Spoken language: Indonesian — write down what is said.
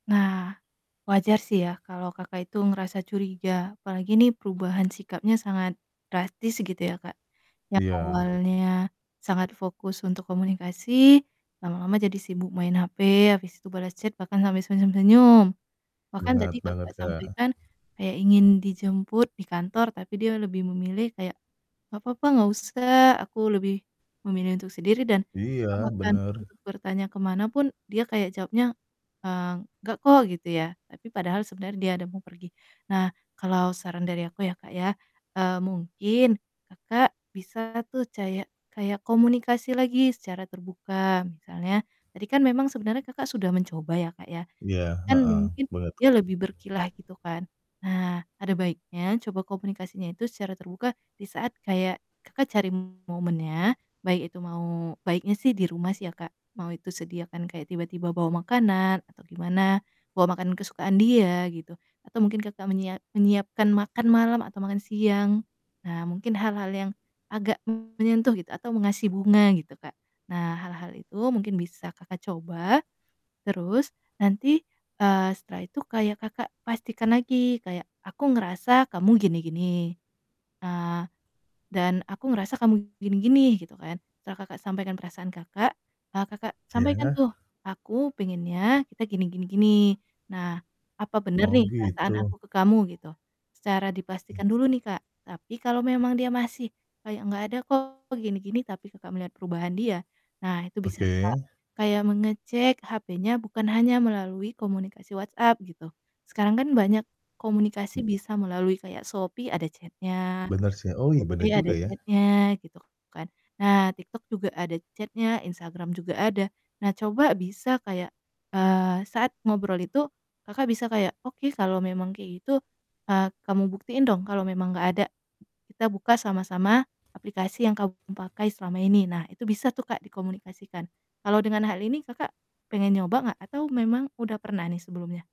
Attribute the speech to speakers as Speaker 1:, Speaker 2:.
Speaker 1: Nah, wajar sih ya kalau Kakak itu ngerasa curiga apalagi nih perubahan sikapnya sangat drastis gitu ya, Kak. Yang
Speaker 2: Iya.
Speaker 1: awalnya sangat fokus untuk komunikasi, lama-lama jadi sibuk main HP, abis itu bales chat bahkan sampai senyum-senyum. Bahkan
Speaker 2: Bener
Speaker 1: tadi
Speaker 2: banget,
Speaker 1: Kakak
Speaker 2: Kak.
Speaker 1: sampaikan kayak ingin dijemput di kantor tapi dia lebih memilih kayak, "Nggak papa, nggak usah aku lebih memilih untuk sendiri," dan Kakak
Speaker 2: Iya,
Speaker 1: bahkan
Speaker 2: bener.
Speaker 1: untuk bertanya ke mana pun, dia kayak jawabnya, eee, "Nggak kok," gitu ya. Tapi padahal sebenernya dia ada mau pergi. Nah, kalau saran dari aku ya, Kak, ya, eee, mungkin Kakak bisa tuh cayak kayak komunikasi lagi secara terbuka. Misalnya, tadi kan memang sebenernya Kakak sudah mencoba ya, Kak,
Speaker 2: Iya,
Speaker 1: kan
Speaker 2: heeh.
Speaker 1: mungkin
Speaker 2: Boleh tuh,
Speaker 1: dia
Speaker 2: Kak.
Speaker 1: lebih berkilah gitu kan. Nah, ada baiknya coba komunikasinya itu secara terbuka di saat kayak Kakak cari momennya baik itu mau baiknya sih di rumah sih ya, Kak, mau itu sediakan kayak tiba-tiba bawa makanan atau gimana, bawa makanan kesukaan dia gitu, atau mungkin Kakak menyia menyiapkan makan malam atau makan siang. Nah, mungkin hal-hal yang agak menyentuh gitu atau mengasih bunga gitu, Kak. Nah, hal-hal itu mungkin bisa Kakak coba. Terus nanti, eee, setelah itu kayak Kakak pastikan lagi kayak, "Aku ngerasa kamu gini gini, eee, dan aku ngerasa kamu gini gini," gitu kan. Setelah Kakak sampaikan perasaan Kakak, eee, Kakak sampaikan
Speaker 2: Ya.
Speaker 1: tuh, "Aku pengennya kita gini gini gini, nah apa bener
Speaker 2: Oh,
Speaker 1: nih perasaan
Speaker 2: gitu.
Speaker 1: aku ke kamu?" gitu, secara
Speaker 2: Mmm.
Speaker 1: dipastikan dulu nih, Kak, tapi kalau memang dia masih kayak, "Nggak ada kok gini gini," tapi Kakak melihat perubahan dia, nah itu bisa, Kak,
Speaker 2: Oke.
Speaker 1: kayak mengecek HP-nya bukan hanya melalui komunikasi WhatsApp gitu. Sekarang kan banyak komunikasi bisa melalui kayak Shopee ada chat-nya,
Speaker 2: Benar sih. Oh, iya bener
Speaker 1: GoPay ada
Speaker 2: juga ya.
Speaker 1: chat-nya, gitu kan. Nah, TikTok juga ada chat-nya, Instagram juga ada. Nah, coba bisa kayak, eee, saat ngobrol itu Kakak bisa kayak, "Oke, kalau memang kayak gitu, eee, kamu buktiin dong kalau memang nggak ada, kita buka sama-sama aplikasi yang kamu pakai selama ini." Nah, itu bisa tuh, Kak, dikomunikasikan. Kalau dengan hal ini Kakak pengen nyoba nggak? Atau memang udah pernah nih sebelumnya?